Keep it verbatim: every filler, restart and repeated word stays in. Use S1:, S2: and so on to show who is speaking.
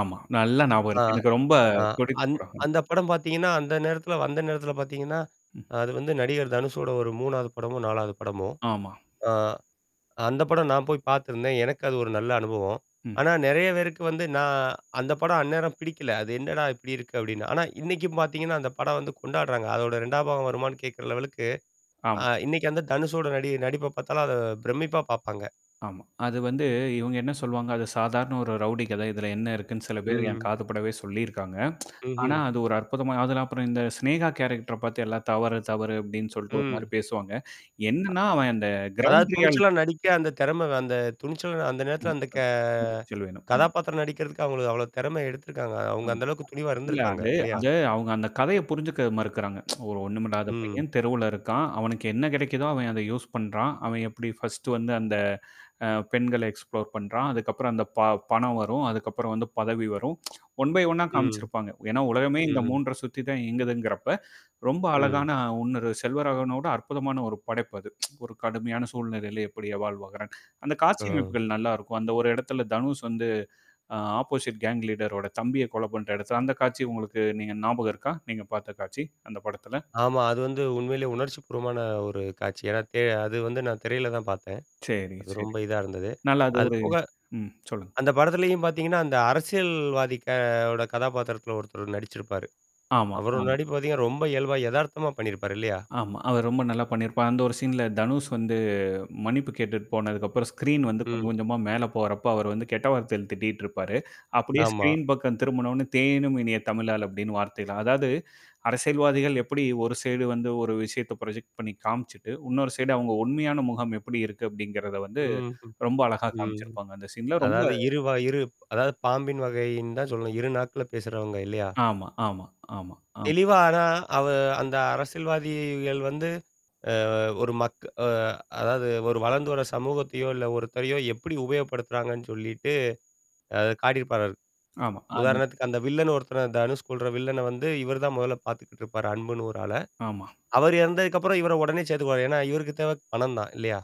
S1: ஆமா. நல்லா ஞாபகம்
S2: ஆ,
S1: இருக்கு. எனக்கு ரொம்ப
S2: ஆ.
S1: புடிச்ச
S2: அந்
S1: படம்.
S2: அந்த படம் பாத்தீங்கன்னா, அந்த நேரத்தில வந்த நேரத்தல பாத்தீங்கன்னா,
S1: ம்.
S2: அது வந்து நடிகர் தனுஷோட ஒரு மூணாவது படமோ, நாலாது படமோ.
S1: ஆமா.
S2: ஆ. அந்த படம் நான் போய் பாத்திருந்தேன். எனக்கு அது ஒரு நல்ல அனுபவம்.
S1: ம்.
S2: ஆனா நெறைய பேருக்கு வந்து நான் அந்த படம் அந்நேரம் பிடிக்கல. அது என்னடா இப்படி இருக்கு அப்டின்னு. ஆனா இன்னைக்கும் பாத்தீங்கன்னா, அந்த படம் வந்து கொண்டாடுறாங்க. அதோட ரெண்டாம் பாகம் வருமானான்னு கேட்கற லெவலுக்கு,
S1: ஆமா.
S2: அ இன்னைக்கு வந்த தனுஷோட நடி நடிப்ப பாத்தாலும் அத பிரமிப்பா பாப்பாங்க.
S1: ஆமா. அது வந்து, இவங்க என்ன சொல்லுவாங்க, அது சாதாரண ஒரு ரவுடி கத, இதுல என்ன இருக்குன்னு சில பேர் என்
S2: ம்.
S1: காதுப்படவே சொல்லியிருக்காங்க. ஆனா,
S2: ம்ஹ்ம்.
S1: அது ஒரு அற்புதமா அதுல அப்புறம் இந்த சினேகா கேரக்டர பத்தி எல்லாம் தவறு, தவறு அப்டின்னு சொல்லிட்டு ஒரு மாரி
S2: ம்.
S1: பேசுவாங்க. என்னன்னா அவன் அந்த
S2: அதாவது
S1: கிரவுண்ட்ரியால
S2: துணிச்சலா நடிக்க அந்த திறம அந்த துணிச்சலா அந்த நேரத்தில
S1: [unintelligible]
S2: அந்த க
S1: துணிச்சல் வேணும். ம்.
S2: கதாபாத்திரம் நடிக்கிறதுக்கு அவங்க அவ்வளவு திறமை எடுத்திருக்காங்க. அவுங்க
S1: ம்.
S2: அந்த அளவுக்கு துணிவா
S1: இல்ல.
S2: இருந்திருக்காங்க,
S1: அது
S2: இல்லையா?
S1: அது அவுங்க அந்த கதைய புரிஞ்சுக்க மறுக்குறாங்க. ஒரு ஒண்ணும் இல்லாத
S2: ம்.
S1: பையன், தெருவுல இருக்கான். அவனுக்கு என்ன கெடைக்குதோ அவன் அத யூஸ் பண்றான். அவன் எப்டி ஃபர்ஸ்ட் வந்து அந்த அ பெண்கள எக்ஸ்ப்ளோர் பண்றான். அதுக்கப்புறம் அந்த ப பணம் வரும். அதுக்கப்புறம் வந்து பதவி வரும். ஒன் ஃபை ஒண் ணா
S2: ம்,
S1: காமிச்சிருப்பாங்க. ஏன்னா, உலகமே இந்த
S2: ம்ஹம்.
S1: மூன்ற சுத்தி தான் இயங்குதுங்கிறப்ப, ரொம்ப
S2: ம்.
S1: அழகான ஒன்னரு செல்வராகனோட அற்புதமான ஒரு படைப்பு அது. ஒரு கடுமையான சூழ்நிலையில எப்படி வாழ்வாகுறான்கன்னு. அந்த காட்சி
S2: ஆ.
S1: அமைப்புகள் நல்லாருக்கும். அந்த ஒரு இடத்துல தனுஷ் வந்து, அ ஆப்போசிட் கேங் லீடர் ஓட தம்பிய கொலை பண்ற இடத்துல அந்த காட்சி உங்களுக்கு நீங்க ஞாபகம் இருக்கா? நீங்க பாத்த காட்சி, அந்த படத்துல.
S2: ஆமா. அது வந்து உண்மையிலேயே உணர்ச்சிப்பூர்வமான ஒரு காட்சி. ஏன்னா தெ அது வந்து நான் திரையில தான் பாத்தேன்.
S1: சரி,
S2: அது
S1: சரி.
S2: ரொம்ப இதா இருந்தது.
S1: நல்ல அது
S2: அது
S1: ஒரு
S2: போக,
S1: ம் சொல்லுங்க.
S2: அந்த படத்திலயும் பாத்தீங்கன்னா, அந்த அரசியல்வதியோட கே ஓட கதாபாத்திரத்தில ஒருத்தர் நடிச்சிருப்பாரு.
S1: ஆமா,
S2: அவரோட
S1: ஆமா.
S2: நடிப்பு பாத்தீங்கன்னா, ரொம்ப இயல்பா எதார்த்தமா பண்ணியிருப்பாரு, இல்லையா?
S1: ஆமா. அவர் ரொம்ப நல்லா பண்ணியிருப்பார். அந்த ஒரு சீன்ல தனுஷ் வந்து மன்னிப்பு கேட்டுட்டு போனதுக்கப்புறம் ஸ்க்ரீன் வந்து கொஞ்சம்
S2: ம்.
S1: கொஞ்சமா மேல போறப்போ அவர் வந்து கெட்ட வார்த்தைல திட்டிட்டு இருப்பாரு. அப்படியே
S2: ஆமா.
S1: ஸ்க்ரீன் பக்கம் திரும்புவுன உடனே "தேனினும் இனிய தமிழாள்" அப்டின்னு வார்த்தைல அதாவது அரசியல்வாதிகள் எப்படி ஒரு சைடு வந்து ஒரு விஷயத்த ப்ராஜக்ட் பண்ணி காமிச்சுட்டு, இன்னொரு சைடு அவங்க உண்மையான முகம் எப்படி இருக்கு? அப்டிங்கிறத வந்து
S2: ம்ஹ்ம்,
S1: ரொம்ப அழகா
S2: ம்.
S1: காமிச்சிருப்பாங்க அந்த சீன்ல. ரொம்ப
S2: அதாவது இரு வ இரு அதாவது பாம்பின் வகைன்னு தான் சொல்லணும். இரு நாக்குல பேசுறவங்க, இல்லையா?
S1: ஆமா, ஆமா, ஆமா, ஆமா.
S2: தெளிவா. ஆனா, அவ அந்த அரசியல்வாதிகள் வந்து. அ ஒரு மக் அ அதாவது ஒரு வளர்ந்து வர சமூகத்தையோ, இல்ல ஒருத்தரையோ எப்படி உபயோகப்படுத்துறாங்கன்னு சொல்லிட்டு அது காட்டியிருப்பாராரு.
S1: ஆமா. அந்த
S2: உதாரணத்துக்கு, அந்த வில்லன்னு ஒருத்தர தனுஷ் கொல்ற வில்லனை வந்து, இவர் தான் முதல்ல பாத்துக்கிட்டு இருப்பாரு, அன்புன்னு ஒரு ஆள.
S1: ஆமா.
S2: அவர் இறந்ததுக்கப்புறம் இவர உடனே சேத்துக்குவாரு. ஏன்னா, இவருக்கு தேவ பணம் தான் இல்லையா?